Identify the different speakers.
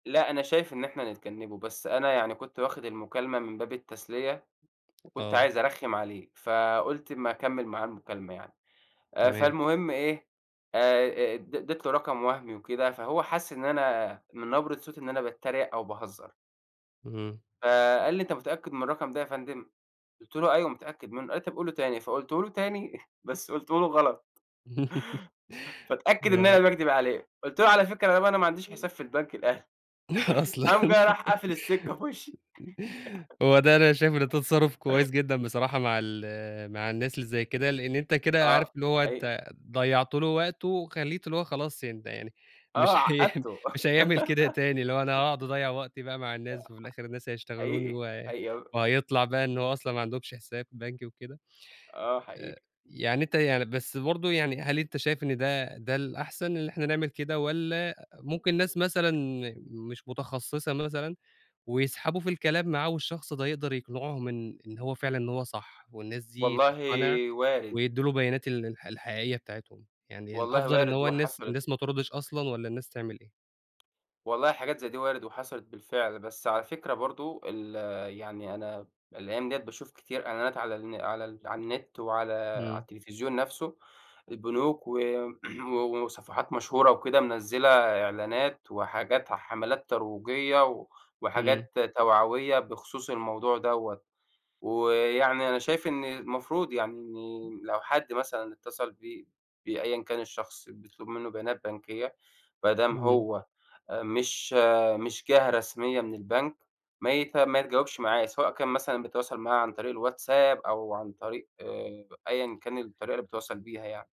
Speaker 1: لأ أنا شايف إن إحنا نتجنّبه، بس أنا يعني كنت واخد المكالمة من باب التسلية، وكنت
Speaker 2: آه.
Speaker 1: عايز أرخّم عليه، فقُلت أما اكمّل معاه المكالمة يعني، آآ
Speaker 2: تمام.
Speaker 1: فالمهم إيه آآ أ أ اد اديت له رقم وهمي وكده، فهو حَس إن أنا من نبرة صوتي إن أنا باتريق أو باهزر.
Speaker 2: اهم.
Speaker 1: فقال لي: "أنت متأكد من الرقم ده يا فندم؟" قُلت له: "أيوه متأكد منّه." قال لي: "طب قوله تاني." فقُلته له تاني بس قُلته له غلط. فاتأكد إن
Speaker 2: آه.
Speaker 1: أنا باكدب عليه، قُلت له: "على فكرة أنا بقى أنا ما عنديش
Speaker 2: إمم.
Speaker 1: حساب في البنك الأهلي."
Speaker 2: أصلًا.
Speaker 1: قام جاي راح قافل السكة في وشّي.
Speaker 2: هو ده أنا شايفه إن ده تصرّف كويس جدًا بصراحة مع ال مع الناس اللي زي كده، لإن أنت كده عارف
Speaker 1: آه
Speaker 2: اللي هو
Speaker 1: حقيقي.
Speaker 2: أنت ضيّعت له وقته، وخلّيته اللي هو خلاص يعني ده يعني مش
Speaker 1: آه
Speaker 2: هي
Speaker 1: عقدته.
Speaker 2: مش هيعمل كده تاني اللي هو أنا هاقعُد اضيّع وقتي بقى مع الناس، وفي الآخر الناس
Speaker 1: [unintelligible]
Speaker 2: هيشتغلوني،
Speaker 1: حقيقي،
Speaker 2: و
Speaker 1: حقيقي آه أ
Speaker 2: وهيطلع بقى إن هو أصلًا ما عندهمش حساب بنكي وكده.
Speaker 1: آه
Speaker 2: آآ
Speaker 1: حقيقي.
Speaker 2: يعني أنت يعني بس برضه يعني هل أنت شايف إن ده ده الأحسن اللي إحنا نعمل كده والّا أ ممكن ناس مثلًا مش متخصصة مثلًا، ويسحبه في الكلام معاه، والشخص ده يقدر يقنعهم إن إن هو فعلًا إن هو صح، والناس دي
Speaker 1: والله
Speaker 2: تقتنع
Speaker 1: وارد.
Speaker 2: ويدّوا له بيانات ال الح الحقيقية بتاعتهم، يعني
Speaker 1: والله
Speaker 2: الأفضل إن
Speaker 1: وارد
Speaker 2: هو الناس
Speaker 1: وحصلت.
Speaker 2: الناس ما تردش أصلًا والّا الناس تعمل إيه؟
Speaker 1: والله حاجات زي دي وارد وحصلت بالفعل، بس على فكرة برضه ال يعني أنا الأيام دِيّة باشوف كتير إعلانات على الن على ال على النت، وعلى على
Speaker 2: إمم.
Speaker 1: التليفزيون نفسه البنوك و و وصفحات مشهورة وكده منزّلة إعلانات، وحاجات حملات ترويجية و
Speaker 2: إمم.
Speaker 1: وحاجات توعوية بخصوص الموضوع دَوّة. ويعني أنا شايف إن المفروض يعني إن لو حد مثلًا اتصل ب بأيًا كان الشخص بيطلب منُّه بيانات بنكيّة، بدام
Speaker 2: إمم.
Speaker 1: هو آآ مش مش جهة رسمية من البنك ما يت ما يتجاوبش معاه، سواء كان مثلًا بيتواصل معاه عن طريق الواتساب، أو عن طريق أيًا كان الطريقة اللي بيتواصل بيها يعني.